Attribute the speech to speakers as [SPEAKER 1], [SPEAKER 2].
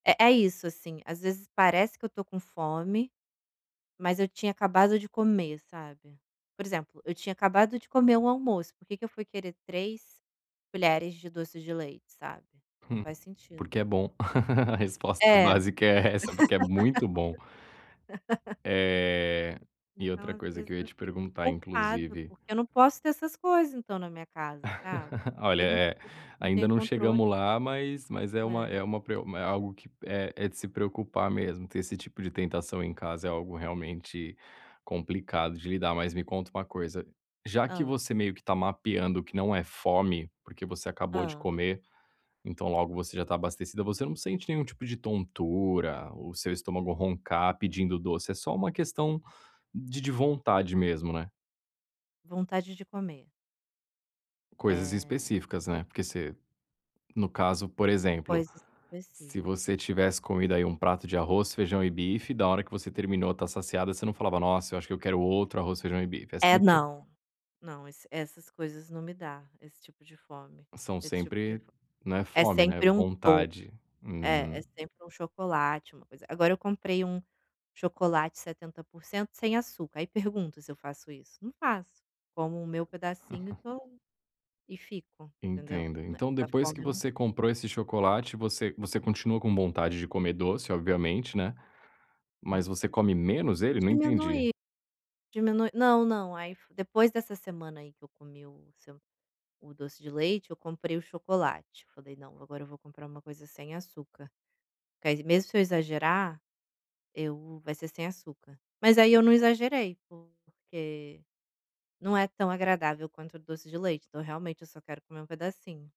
[SPEAKER 1] É é isso, assim. Às vezes parece que eu tô com fome, mas eu tinha acabado de comer, sabe. Por exemplo, eu tinha acabado de comer o almoço, por que que eu fui querer 3 colheres de doce de leite, sabe? Não faz
[SPEAKER 2] Porque é
[SPEAKER 1] sentido.
[SPEAKER 2] bom. A
[SPEAKER 1] É, pois
[SPEAKER 2] resposta
[SPEAKER 1] é.
[SPEAKER 2] básica é essa, porque é muito bom. Eh, e
[SPEAKER 1] Então,
[SPEAKER 2] outra
[SPEAKER 1] às
[SPEAKER 2] coisa que
[SPEAKER 1] vezes,
[SPEAKER 2] eu ia
[SPEAKER 1] eu
[SPEAKER 2] te
[SPEAKER 1] fico
[SPEAKER 2] perguntar,
[SPEAKER 1] culpado,
[SPEAKER 2] inclusive
[SPEAKER 1] porque eu não posso ter essas coisas, então, na minha casa, sabe.
[SPEAKER 2] Olha,
[SPEAKER 1] Eu nã
[SPEAKER 2] eh,
[SPEAKER 1] não
[SPEAKER 2] ainda
[SPEAKER 1] tenho
[SPEAKER 2] não
[SPEAKER 1] controle.
[SPEAKER 2] chegamos lá, mas mas é uma
[SPEAKER 1] É.
[SPEAKER 2] é uma preo é algo que é é de se preocupar mesmo, ter esse tipo de tentação em casa é algo realmente complicado de lidar. Mas me conta uma coisa, já que
[SPEAKER 1] Hã.
[SPEAKER 2] você meio que tá mapeando que não é fome, porque você acabou de
[SPEAKER 1] Hã.
[SPEAKER 2] comer, então logo você já tá abastecida, você não sente nenhum tipo de tontura, o seu estômago roncar pedindo doce, é só uma questão de de vontade mesmo, né?
[SPEAKER 1] Vontade de comer.
[SPEAKER 2] Coisas
[SPEAKER 1] É.
[SPEAKER 2] específicas, né, porque se no caso, por exemplo,
[SPEAKER 1] Coisas
[SPEAKER 2] se você
[SPEAKER 1] específica.
[SPEAKER 2] tivesse comido, aí, um prato de arroz, feijão e bife, da hora que você terminou, tá saciada, você não falava: "Nossa, eu acho que eu quero outro arroz, feijão e bife". É
[SPEAKER 1] É,
[SPEAKER 2] sempre
[SPEAKER 1] não, não esse essas coisas não me dá, esse tipo de fome
[SPEAKER 2] São
[SPEAKER 1] esse tipo de
[SPEAKER 2] sempre,
[SPEAKER 1] fo
[SPEAKER 2] né,
[SPEAKER 1] É
[SPEAKER 2] fome, né,
[SPEAKER 1] sempre um do
[SPEAKER 2] vontade.
[SPEAKER 1] É, é
[SPEAKER 2] Uhum.
[SPEAKER 1] sempre um chocolate, uma coisa. Agora eu comprei um chocolate 70% sem açúcar, aí pergunto se eu faço isso? Não faço. Como o meu pedacinho e tô e fico, entendeu.
[SPEAKER 2] Entendo. Então
[SPEAKER 1] Nessa
[SPEAKER 2] depois que
[SPEAKER 1] fome eu não
[SPEAKER 2] você comprou esse chocolate, você você continua com vontade de comer doce, obviamente, né, mas você come menos ele? Não entendi.
[SPEAKER 1] Diminui, diminu Não, não, aí fo depois dessa semana, aí, que eu comi o seu o doce de leite, eu comprei o chocolate. Eu falei: "Não, agora eu vou comprar uma coisa sem açúcar". Que aí mesmo se eu exagerar, eu vai ser sem açúcar, mas aí eu não exagerei, porque não é tão agradável quanto o doce de leite, então realmente, eu só quero comer um pedacinho.